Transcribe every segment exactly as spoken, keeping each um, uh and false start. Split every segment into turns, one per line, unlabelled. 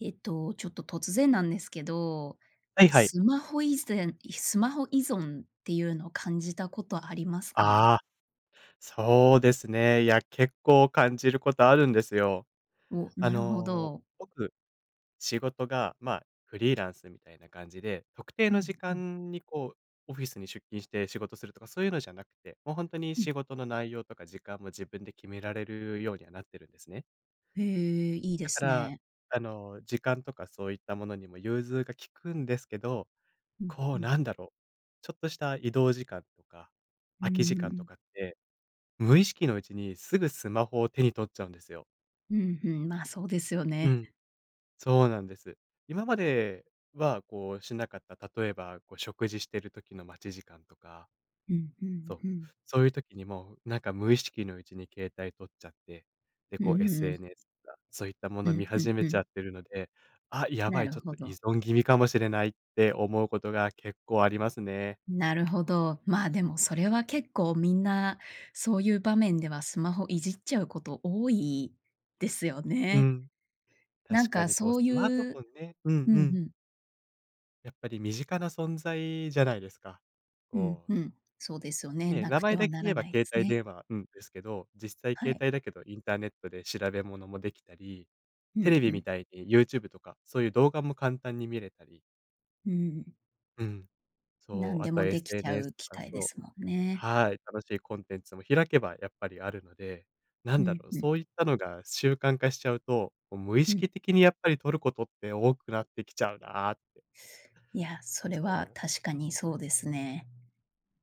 えっと、ちょっと突然なんですけど、
はいはい。
スマホいぜんいスマホ依存っていうの感じたことありますか？
ああ、そうですね。いや、結構感じることあるんですよ。
お、
あ
なるほ
の、
ど。
僕、仕事が、まあ、フリーランスみたいな感じで、特定
う
の
ん
時
うん。
間に、こう、オフィスに出勤して仕事するとか、そういうのじゃなくて、もうほんとに
うん。
仕事の内容とか時間も自分で決められるようにはなってるんですね。
へえ、いいで
だか
す
ら、
ね。
あの、時間とかそういったものにも融通が利くんですけど、
うん
こ
う
う、
ん。
なんだろ、ちょっとした移動時間とか
うー
空き時間と
ん。
かって、無意識のうちにすぐスマホを手に取っちゃうんですよ。
うん、ふん、ま、そうですよ
う
ね。
ん、そうなんです。今までは、こう、しなかった、例えば、こう、食事している時の待ち時間とか
うん、ふ
そ
ん
う、
ふん。
そういう時にも、なんか、無意識のうちに携帯取っちゃって、で、
う
こう、
ーん。
SNS とかそういったもの
う
を見
ん、ふん
始め
ふ
ちゃ
ん。
ってるので「あ、やば
な
い、ち
る
ょっと
ほ
依
ど。
存気味かもしれない」って思うことが結構ありますね。
なるほど。ま、でも、それは結構みんな、そういう場面ではスマホいじっちゃうこと多いですよ
う
ね。
ん。
なん
確か
か、
に、こう、
そ
ス
うい
マートフォ
う
ンねうん
う
う
ん、ふ
ん。
ん。
やっぱり身近な存在じゃないですか。
うん
こう
うん。そうですよね。
ね、
無
名
く
前
て
だ
は
け
な
言
ら
えば
ないで
携
す
帯
ね。
電話うん、ですけど、実際
は
携
い。
帯だけどインターネットで調べ物も出来たり、
う
テ
ん、
レビ
ふ
み
ん。
たいに YouTube とか、そういう動画も簡単に見れたり。
うん。
うん。そう、
何
あ
で
と
も出来ちゃう
SNS と
機
か、
械で
そう
すもんね。
はい。楽しいコンテンツも開けばやっぱりあるので、な
う
んだ
ん、
ろう、
ふん。
そういったのが習慣化しちゃうと、こう無意
うん。
識的にやっぱり取ることって多くなってきちゃうなって。
いや、それ
そ
は
う。
確かにそうですね。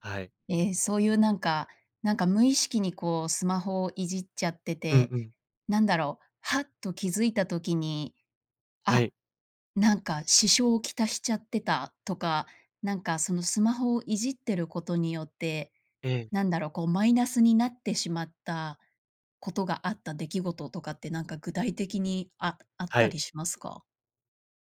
はい。
ええ、そういうなんか、なんか無意識にこうスマホをいじっちゃって
うん
て、
うん。
なんだろう、はっと気づいた時に、
は
あ、
い。
なんか支障をきたしちゃってたとか、なんかその、スマホをいじってることによって、
ええ。
なんだろう、こうマイナスになってしまったことがあった出来事とかって、なんか具体的に、ああっ
は
た
い。
りしますか？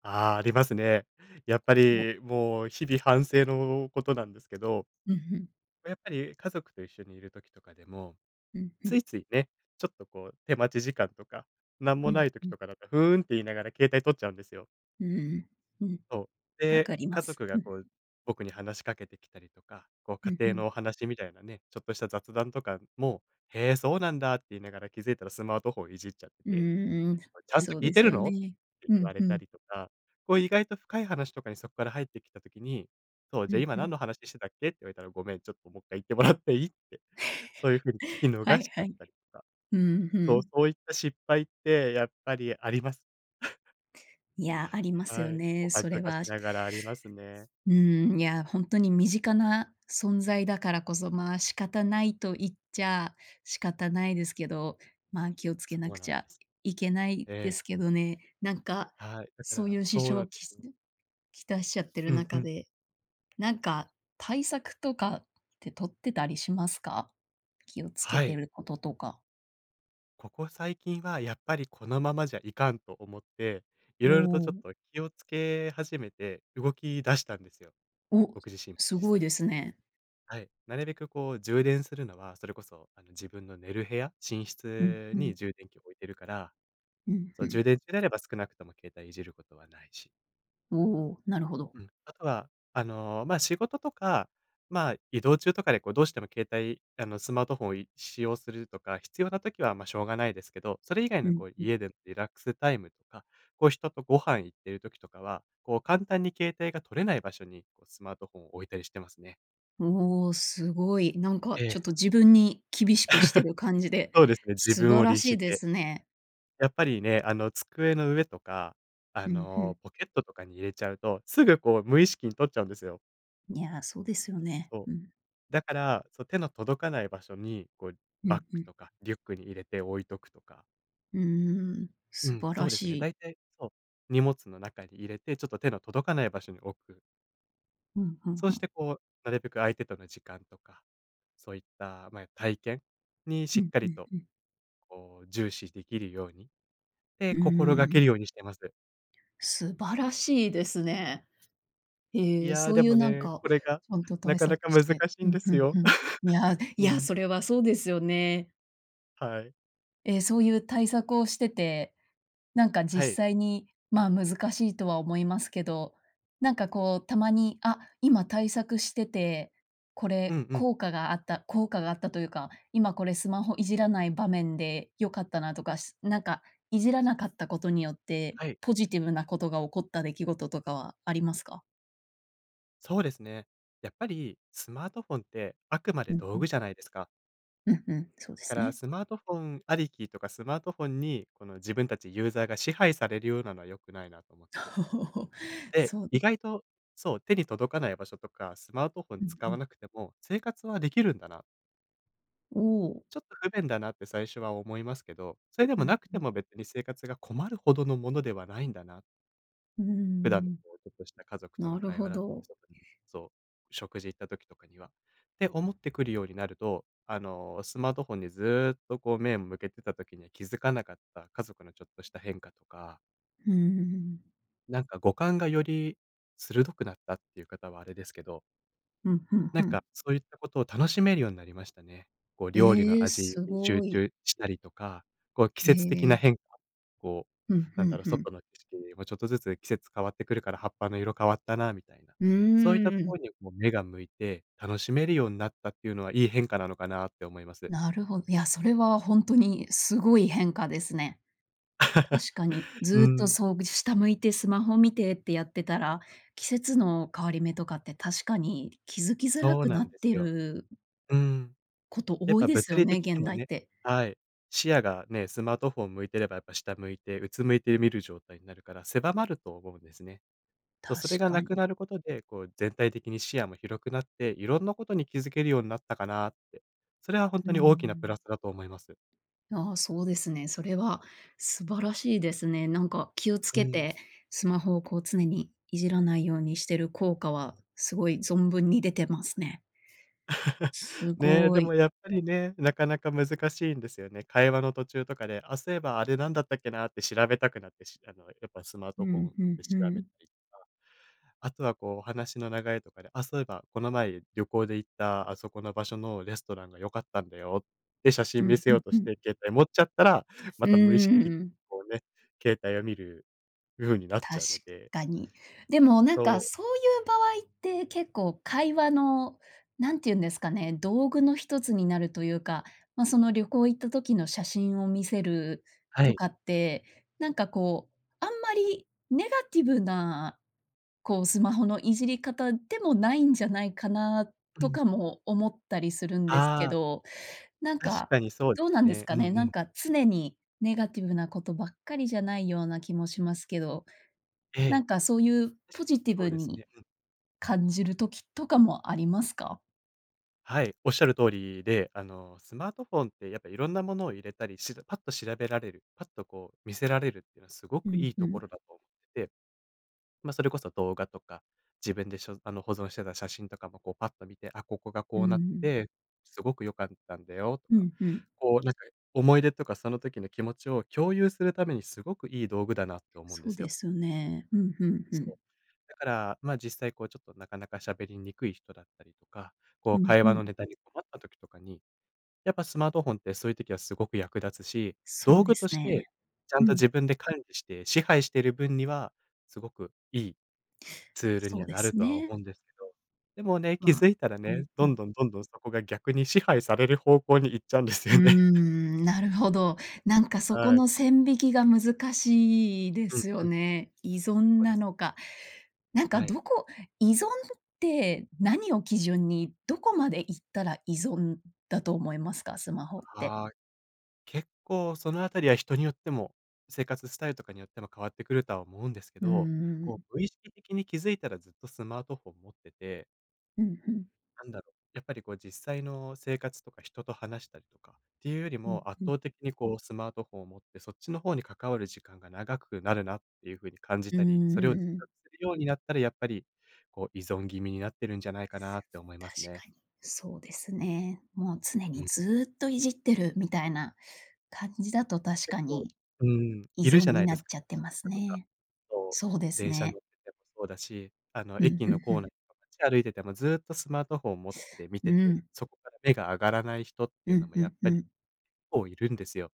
ああ、ありますね。やっぱ
お。
り、もう日々反省のことなんですけど、
うん、ふん。
ま、やっぱり家族と一緒に居る時とかでも、
うん、ふ
つ
ん。
いついね、ちょっとこう手待ち時間とか、何
う
も
ん
ない時
うん。
とかだと「ふーん」って言いながら携帯取っちゃうんですよ。
ううん。うん。
そう。
分
で、
かりま
家
す、
族
う
が
ん。
こう、僕に話しかけてきたりとか、こう、
ふ
家
んふ
庭
ん。
のお話みたいなね、ちょっとした雑談とかも「へえ、そうなんだ」って言いながら、気づいたらスマートフォンいじっちゃって
う
て、
ーん、
「お前ちゃんと
そう
聞い
で
て
す
る
よ
の？」っ
ね。
て
ふ
言
ん
われ
ふ
た
ん。
りとか、こう意外と深い話とかにそこから入ってきた時に、そう、
ふ
「じゃあ
ん
今
ふ
何
ん。
の話してたっけ？」って言われたら、「ごめん、ちょっとももっかい言ってもらっていい？」って。そういう風に聞き
は
逃し
い
ちゃ
は
っ
い。
たりとか。
うん、ふ
そう、
ん。
そういった失敗って、やっぱりあります。
いや、あります
は
よ
い、お
ね、
恥
それ
ずかし
は。
ながらありますね。
うん、いや、ほんとに身近な存在だからこそ、まあ仕方ないと言っちゃ仕方ないですけど、まあ気をつ
そ
けな
う
く
なん
ち
で
ゃ
す。
いけない
え
で
え。
すけどね。なんか、
はい、だか
そう
ら
いう支
そうな
障
ん
を
で
き
す。
きたしちゃってる
うんう
中
ん。
で、なんか対策とかって取ってたりしますか？気を付
は
けて
い。
ることとか。
ここ最近は、やっぱりこのままじゃいかんと思って、
お
色々とちょっ
お。
と気を付け始めて、動き出したんですよ。
お、
僕自身も
す
実
ごい
際。
ですね。
はい。なるべくこう、充電するのはそれこそ、あの、自分の寝る部屋寝
うん
室
う
に
ん。
充電器を置いてるから、
うん、
そ
ふ
う、充
ん。
電中であれば、少なくとも携帯いじることはないし。
おお、なるほど。
うん。あとは、あの、ま、仕事とか、まあ、移動中とかで、こう、どうしても携帯あの、スマートフォンをい使用するとか、必要な時は、ま、しょうがないですけど、それ以外
う
の、
ん
こう、
うん。
家でリラックスタイムとか、こう、人とご飯行っている時とかは、こう、簡単に携帯が取れない場所に、こう、スマートフォンを置いたりしてますね。
うお、すごい。なんか、
ええ。
ちょっと自分に厳しくしてる感じ で、
そうですね、自
素
分
晴
を
ら
律
しい
し
で
て。
すね。
やっぱりね、あの、机の上とか、あ
うん、ふん。
の、ポケットとかに入れちゃうと、すぐ、こう、無意識に取っちゃうんですよ。
いや、そうですよね。
そう。
うん。
だから、そ、手の届かない場所に、こう、
うん、
バッ
ふ
グ
ん。
とかリュックに入れて置いとくとか。
うーん。
う
素
ん、
晴
そ
ら
うで
し
すね。
い。
大体、そう、荷物の中に入れて、ちょっと手の届かない場所に置く。
うん、ふん
そう
ふ
し
ん。
て、こう、なるべく相手との時間とか、そういった、ま、体験に
う
し
ん
っか
う
り
ん
と、
うん。
こう、重視できるようにって
う
心掛
ー
け
ん。
るようにしてます。
素晴らしいですね。
い
へえ、
や、
そう
で
いう、
も
なん
ね、
か、
これが、
ちゃんと
な
対
か
策
なか
し
難し
て。
い
う
ん
ん、
で
ふ
す
ん
よ。
ふん。いや、い
う
や、
ん。
それはそうですよね。
はい。
ええ、そういう対策をしてて、なんか
は
実
い。
際にまあ難しいとは思いますけど、なんかこう、たまに、あ、今対策してて、こ
うん
れ
うん。
効果があった効果があったというか、今これスマホいじらない場面で良かったなとか、なんかいじらなかったことによって
はい。
ポジティブなことが起こった出来事とかはありますか？
そうですね。やっぱり、スマートフォンってあくま
う
で
ん
道
う
具
ん。
じゃないですか。
うんうん、そうで
だか
す
ら、
ね。
スマートフォンありきとか、スマートフォンに、この自分たちユーザーが支配されるようなのは良くないなと思って。ええ、
そう
意
で
外と、そう、手に届かない場所とか、スマートフォン
うん
使
う
わ
ん。
なくても生活はできるんだな。
おお。
ちょっと不便だなって最初は思いますけど、それで
う
も
ん
なく
う
て
ん。
も別に生活が困るほどのものではないんだな。
うー
普段の
ん。
こうちょっとした家族と
な
の
る
会
ほ
話
ど。
そう、食事行った時とかには、って思ってくるようになると、あの、スマートフォンにずっとこう目向けてた時には気づかなかった家族のちょっとした変化とか
うーん。
なんか五感がより鋭くなったって言う方はあれですけど。
うん、ふん
なん
ふん。
か、そういったことを楽しめるようになりましたね。こう、料理
え
の
え、
味に
す
集
ごい。
中したりとか、こう、季
へ
節的な
え。
変化、こ
ふ
う、
ん
な
ふ
んだ
ん
ろう、
ふん。
外の景色もちょっとずつ季節変わってくるから、葉っぱの色変わったなみたいな。
う
そういった
ー
とこ
ん。
ろに、こう、目が向いて楽しめるようになったっていうのは、いい変化なのかなって思います。
なるほや、それは本当にすごい変化ですね。確かに。
う
ずっと、
ん。
そうぐし下向いてスマホ見てってやってたら、季節の変わり目とかって、確かに気づきづら
そう
く
な
な
ん
っ
です
て
よ。
る
うん。
こと
やっ
多い
ぱ
です
物
よ
理
ね、
的
現
にも
代っ
ね
て。
はい、視野がね。スマートフォンを向いてればやっぱ下向いてうつむいて見る状態になるから、狭まると思うんですね。そう、
確
それがな
か
く
に。
なることで、こう全体的に視野も広くなって、いろんなことに気づけるようになったかなって。それは本
う
当に大きなプラ
ん。
スだと思います。
ああ、そうですね。それは素晴らしいですね。なんか、気をつ
う
け
ん。
てスマホをこう、常にいじらないようにしてる効果は、すごい存分に出てますね。す
ね。
ご
でも
い。
やっぱりね、なかなか難しいんですよね。会話の途中とかで、あ、そういえばあれなんだったっけなって調べたくなって、しあの、やっぱスマー
う
トフォ
ん、
ン
ふん
で
ふ
調べ
ん。
たりとか。あとはこう、お話の流れとかで、「あ、そういえばこの前旅行で行った、あそこの場所のレストランが良かったんだよ」って写
う
真見
ん、
せ
ふ
よ
ん
うと
ふ
し
ん。
て携帯持っちゃったら、ま
う
た無意識的に
ん。
こうね、携帯を見るふうになっち
確
ゃうので。
かに。でも、なん
そ
か、
う。
そういう場合って、結構会話のなんていうんですかね、道具のひとつになるというか。まあ、その旅行行った時の写真を見せる
は
と
い。
かって、なんか、こう、あんまりネガティブな、こう、スマホのいじり方でもないんじゃないかな
う
と
ん。
かも思ったりするんですけ
ああ。
ど。なん
確
か、
かにそうで
どう
す
なんです
ね。う
か
んう
ね、なん
ん。
か、常にネガティブなことばっかりじゃないような気もしますけど。
え
なん
え、
かそういう、
確
ポ
かに
ジティ
そう
ブ
です
に
ね。うん。
感じる時とかもありますか？
はい、仰る通りで、あの、スマートフォンってやっぱ色んなものを入れたり、しらパッと調べられる、パッと、こう、見せられるってのはすご
う
く
ん、
いい
ふ
とこ
ん。
ろだと思って。ま、それこそ動画とか、自分でしょあの、保存してた写真とかもこう、パッと見て、あ、ここが
う
こ
ー
うなって
ん。
て、すごく良かったんだよと
う
か、
ん、ふん。
こう、なんか思い出とかその時の気持ちを共有するためにすごくいい道具だなって思うんで
そう
すよ。
ですよね。うん、ふんふ
そう。
ん。
だから、ま、実際、こう、ちょっと、なかなか喋りにくい人だったりとか、こう、
うん、
会
ふ
話の
ん。
ネタに困った時とかに、やっぱスマートフォンってそういう時はすごく役立つし、
そ
道
うで
具
す
として、
ね。
ちゃん
う
と
ん。
自分で管理して支配してる分には、すごくいいツール
そ
に
う
は
で
なる
す
とは思
ね。
うんですけど、でもね、気付
ま、
いたら
う
ね、
ん、ふ
どん
ん。
どんどんどんそこが逆に支配される方向に行っちゃうんです
うー
よね。
ん、なるほど。なんかそこ
はい。
の線引きが難しいで
うん
すよ
うん。
ね。依
そ
存
うです。
なのか。なんか、
はい。
どこ依存って、何を基準にどこまで行ったら依存だと思いますか？スマホって。
はい。結構そのあたりは人によっても、生活スタイルとかによっても変わってくるとは思うんですけ
うー
ど、こ
ん。
う、無意識的に気付いたらずっとスマートフォン持ってて
うんうん。
なんだろう。やっぱりこう、実際の生活とか人と話したりとかっていうより
うん、
も、圧
ふん。
倒的にこうスマートフォンを持って、そっちの方に関わる時間が長くなるなっていう風に感じ
うー
たり、それを自
ん。
覚するようになったら、やっぱり、こう、依存気味になってるんじゃないかなって思います
確
ね。
かに、そうですね。もう常
う
に
ん。
ずっといじってるみたいな感じだと確
結
か
構、
に、
うーん、
依
いる
存
じゃな
に
いで
な
す
っ
か
ちゃってま す
かとか、
ね。
こ
そうで
う、
す
電車
ね。
乗っててもそうだし、あの、
うん、
駅
ふ
の
んふ
コー
ん。
ナーとか街歩いててもずっとスマートフォン持って見て
う
て、
ん。
そこから目が上がらない人ってい
う
うの
ん、
も
ふ
やっ
んふ
ぱり結
ん。
構いるんですよ。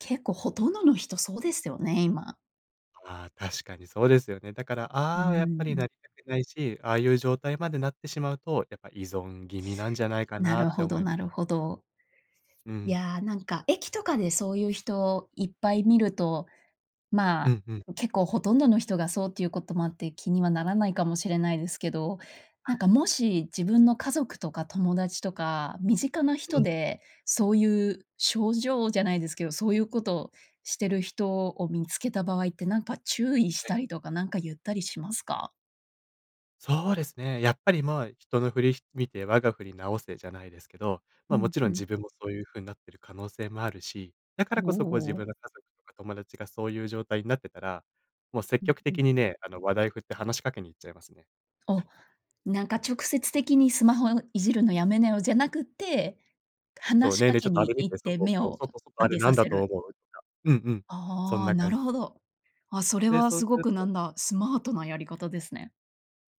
結構ほとんどの人そうですよね、今。
ああ、確かにそうですよね。だから、
うー
ああは、やっぱり
ん。
なりたくないし、ああいう状態までなってしまうとやっぱ依存気味なんじゃないか
な
なっ
る
て
ほ
思
ど
い
なるほど。
う
い
ん。
や、なんか駅とかでそういう人いっぱい見ると、ま
うんうん。
あ結構ほとんどの人がそうっていうこともあって、気にはならないかもしれないですけど、
は
なん
い。
かもし、自分の家族とか友達とか、身近な
う
人
ん。
で、そういう症状じゃないですけど、そういうことをしてる人を見付けた場合って、何か注意し
はい。
たりとかなんか言ったりしますか？
そうですね。やっぱり、ま、人の振り見て我が振り直せじゃないですけど、
う
ま、も
ん
ちろ
う
ん
ん。
自分もそういう風なってる可能性もあるし、だか
お
らこそ、こう、自分
お。
の家族とか友達がそういう状態になってたら、もう積
うん
極
うん。
的にね、あの、話題を振って話しかけに行っちゃいますね。
お、なんか直接的に「スマホいじるのやめなよ」じゃなくって、
そう。
話し
「ねえ
か
ねえ、ちょ
け
っとあ
に
れ見
行っ
て、
て
外、
目
そう、
を
外、外、
上
あれ
げ
な
さ
んだ
せ
と
る。
思う？」とか。うんうん、そん
ああ、
な
な
感
る
じ。
ほど。あ、それ
で、
は
そう
す
す
ご
る
く、な
と
んだ、スマートなやり方ですね。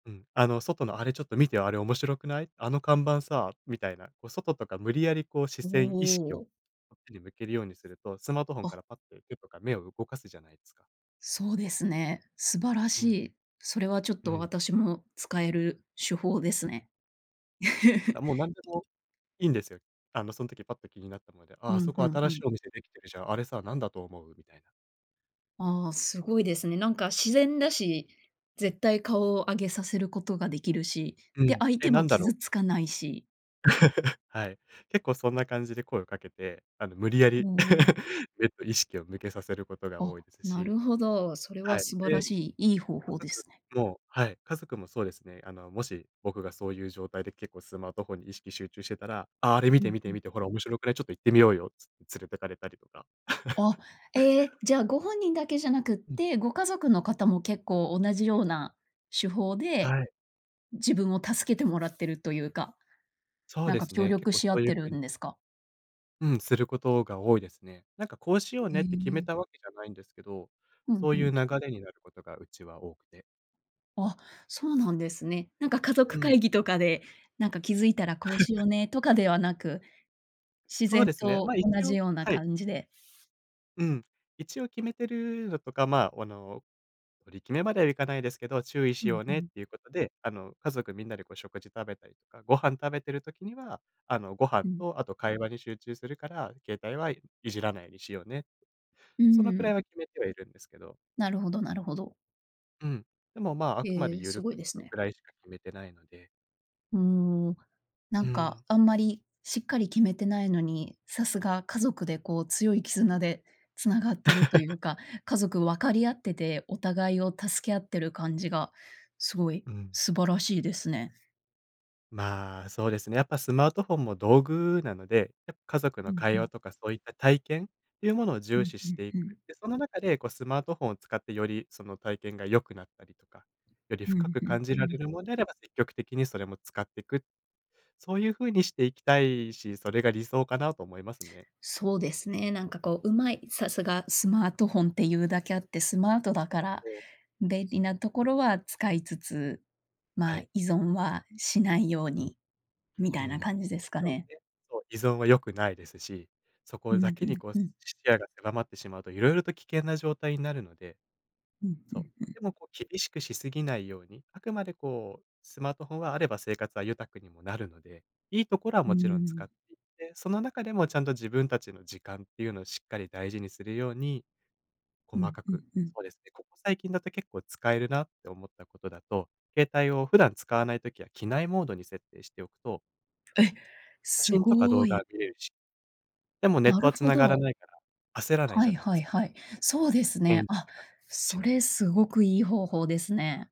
うん。「あの、外のあれちょっと見てよ。あれ面白くない？あの看板さ」みたいな。こう、外とか、無理矢理、こう、視
お
線意識を
お。
こっちに向けるようにすると、スマートフォン
あ。
からパッと手とか目を動かすじゃないですか。
そうですね。素晴ら
う
し
ん。
い。それはちょっ
う
と、
ん。
私も使える手法ですね。
あ、もう、なんで もいいんですよ。あの、そん時パッと気になったので。「あ、
う
あ
ん、
そ
ふ
こ
ん、う
新し
ん。
いお店出来てるじゃん。あれさ、なんだと思う？」みたいな。
ああ、すごいですね。なんか、自然だし、絶対顔を上げさせることが出来るし、
う
で、
ん、
相
「え、
手
な
も
んだろう」
傷
っ
つ
て。
かないし。
はい。結構そんな感じで声をかけて、あの、無理や
お
り
お。
えっと、意識を向けさせることが
あ、
多いです
な
し
るほど。それ
は
は
い。
素晴ら
で、
しい、いい方
家
法で
族
すね。
もはい。家族もそうですね、あのもし僕がそういう状態で結構スマートフォンに意識集中してたら「ああ、あれ見
う
て、
ん、
見
ふ
て、
ん。
見て。ほら、面白くない？ちょっと行ってみようよ」つって連れてかりとか。
あ、ええ、じゃあご本人だけじゃなくっ
うん。
て、ご家族の方も結構同じような手法で、
はい。
自分を助けてもらってるというか、
そう
なん
で
か
す
協
ね。結
力
構そ
し合
う
っ
いう
てる
風に
んですか？
うん、することが多いですね。なんか、こうしよう
え
ねって決め
え。
たわけじゃないんですけど、
ふん
そう
ふ
いう
ん。
流れになることがうちは多くて。
あ、そうなんですね。なんか家
う
族
ん。
会議とかで、なんか、気づいたらこうしよ うね、とかではなく、自
そう
然
ですね。
と
ま、一
同じ
応
ような
はい。
感じで？
うん。一応決めてるのとか、まあ、あの、取り決めまではいかないですけど、注意
ふ
しよ
ん
う
ふ
ねっ
ん。
ていうことで、あの、家族みんなでこう、食事食べたりとかご飯食べてる時には、あの、ご飯
うん。
とあと、会話に集中するから、携帯はいじらないようにしようね、
う
そのく
ー
ら
ん。
いは決めてはいるんですけど。
なるほどなるほど。
うん。でも、まあ、あくまで
へえ、
ゆ
す
る
ご
く、
いで
そ
す
の
ね。
くらいしか決めてないので。
うーん、な
う
ん
ー
か、
ん。
あんまりしっかり決めてないのに、さすが家族で、こう、強い絆で繋がってるとい うか、家族分かり合っててお互いを助け合ってる感じがすごい
うん。
素晴らしいですね。
まあ、そうですね。やっぱスマートフォンも道具なので、や家族
う
の
ん、ふ
会話
ん。
とかそういった体験っていうものを
う
重
ん、
視
ふ
し
ん、
てい
ふ
く。
ん。
で、その中で、こう、スマートフォンを使って、よりその体験が良くなったりとか、より
う
深
ん、
く
ふ
感
ん、
じ
う
られ
ん。
るもんであれば積極的にそれも使ってく。そういう風にしていきたいし、それが理想かなと思いますね。
そうですね、なんか、こう、うまい、さすがスマートフォンっていうだけあって、スマートだから
そう。
便利なところは使いつつ、
は
まあ、
い。
依存はしないよう
うん。
にみ
う
たい
ん、
な感じで
も
す
ち
か
ろん
ね。
ね、そう、依存は良くないですし、そこ
う
だ
ん、
け
ふ
に、
ん、
こう、
う
視
ん。
野が狭まってしまうと色々と危険な状態になるので。
うん、ふ
そう。
ん、ふん。
でも、こう、厳しくしすぎないように、あくまで、こう、スマートフォンはあれば生活は豊かにもなるので、いいところは
うー
もちろん使っ
ん。
ていって、その中でもちゃんと自分たちの時間っていうのをしっかり大事にするように、
う
細
ん、
か
ふん、
く
ふん。
そうですね、ここ最近だと結構使えるなって思ったことだと、携帯を普段使わない時は機内モードに設定しておくと
え、
写
す
真とか
ご
動
ー
画は
い。
見れるし、でもネッ
な
ト
る
は
ほ
繋がら
ど。
ないから、焦らない
は
じゃ
い
ないで
は
す
い
か。
はい。そうです
絵に
ね。
見
あ、
せかけ、ち
そ
が
れ、すごくいい方法ですね。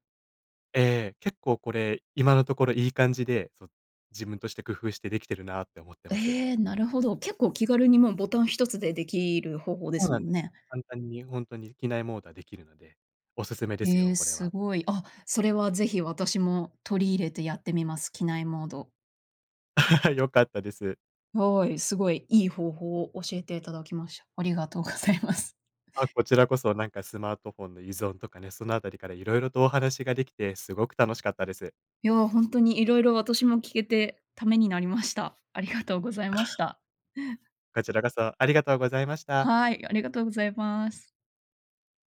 ええ、結構これ今のところいい感じで、そ、自分として工夫してできてるなって思ってます。
ええ、なるほど。結構気軽に、ま、ボタン一つでできる方法で
そう
す
な
も
ん
ん
ですよ。
ね。
簡単にほんとに機内モードはできるので、お勧めです
え
よ
え、
これ
す
は。
ごい。あ、それはぜひ私も取り入れてやってみます、機内モード。
良かったです。
はい、すごい、いい方法を教えていただきました。ありがとうございます。
あ、こちらこそ、なんかスマートフォンの依存とかね、そのあたりから色々とお話ができてすごく楽しかったです。
いや、ほんとに色々私も聞けてためになりました。ありがとうございました。
こちらこそ、ありがとうございました。
はい、ありがとうございます。